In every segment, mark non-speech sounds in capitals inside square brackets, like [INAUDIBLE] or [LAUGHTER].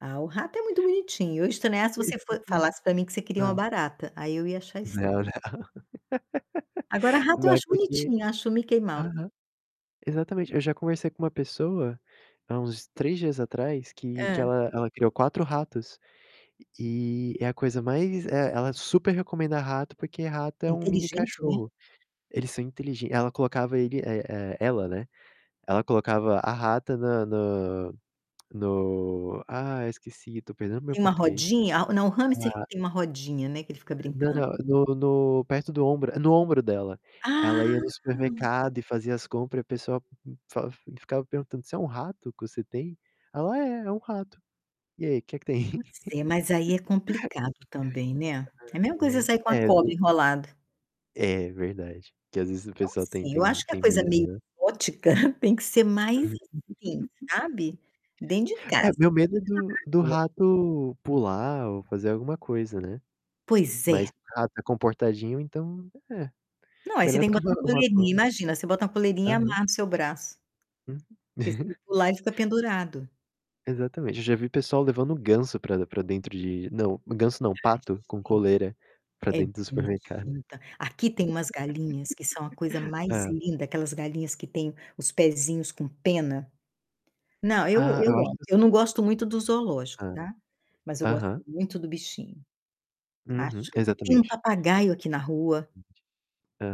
Ah, o rato é muito bonitinho. Eu ia estranhar se Pois é, você fo exatamente. falasse pra mim que você queria uma É. barata, aí eu ia achar estranho. Não, não. Agora [LAUGHS] rato eu Vai acho porque bonitinho, acho o Mickey Mouse. aham. Exatamente, eu já conversei com uma pessoa há uns 3 dias atrás que que Hã. ela ela criou 4 ratos e é a coisa mais é, ela super recomenda rato, porque rato É é um mini inteligente, né. cachorro. Eles são inteligen ela colocava ele e e ela, né, ela colocava a rata na na [CLICKS TONGUE] no ah, esqueci, tô perdendo meu Tem uma português. rodinha? Ah, não, o hamster que Hã. tem uma rodinha, né, que ele fica Não, brincando. não, no no perto do ombro, no ombro dela. Ela ia no Ah. supermercado e fazia as compra e a pessoa fa ficava perguntando: "Isso é um rato que você tem?" Ela: "É, é um rato. E aí, que que Não tem?" sei, mas aí é complicado também, né. É a mesma coisa você [LAUGHS] sair com uma É, cobra d enrolada. É verdade, que às vezes o Então, pessoal tem assim, eu tem acho que a tem coisa medo, meio né. exótica [CHUCKLES] tem que ser mais assim, sabe, dentro de [LAUGHS] É, casa. meu medo é do do [UNINTELLIGIBLE] rato pular ou fazer alguma coisa, né. Pois Mas é. rato é comportadinho, então, é, Não, aí você melhor tem do que que uma botar uma coleirinha. [UNINTELLIGIBLE] Imagina, você bota uma coleirinha e Aham. amarra no seu braço. Uhum. Porque se ele [CHUCKLES] pular, ele fica pendurado. Exatamente. Eu já vi pessoal levando ganso pra pra dentro de não, ganso não, Ai, pato com coleira pra gente, é dentro do supermercado. bonitinho, tá. Aqui tem umas galinhas que são a coisa [LAUGHS] mais É. linda, aquelas galinhas que têm os pezinhos com pena. Não, eu Ah, eu eu acho amo. que s Eu não gosto muito do zoológico, Hã, tá. Mas eu gosto aham. muito do bichinho. Uhum, Acho tem um exatamente. papagaio aqui na rua,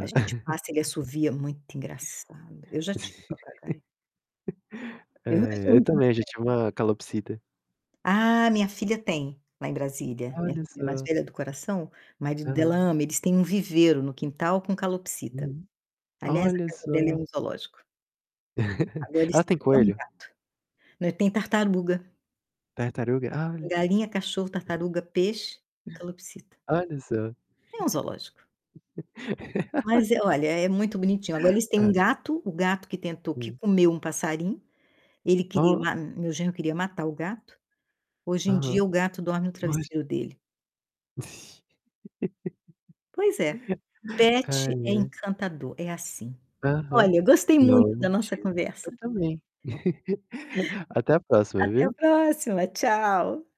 a gente passa, ele [CHUCKLES] assovia. Muito engraçado. Eu já tive papagaio. [LAUGHS] Eu não acho É eu muito mais também já velho. tive uma calopsita. Ah, minha filha tem, lá em Brasília, minha Olha filha mais só. velha do coração, marido Aham. dela ama, eles têm um viveiro no quintal com calopsita. Uhum. Aliás, a Olha casa dela é só. um zoológico. [CHUCKLES] Agora eles Ah, têm tem até um coelho? gato. Não, e tem tartaruga. Tartaruga? Ah. Tem galinha, cachorro, tartaruga, peixe e calopsita. Olha só. É um zoológico. Mas é, [LAUGHS] olha, é muito bonitinho. Agora eles têm Hã. um gato, o gato que tentou que Hum. comeu um passarinho, ele queria Ó ma meu genro queria matar o gato. Hoje em Aham. dia o gato dorme no Mas travesseiro dele. [LAUGHS] Pois é, pet Ai, é é. encantador, é assim. Aham. Olha, gostei Não, muito da nossa mentira. Eu conversa. também. [CHUCKLES] Até a próxima, Até a viu. próxima, tchau!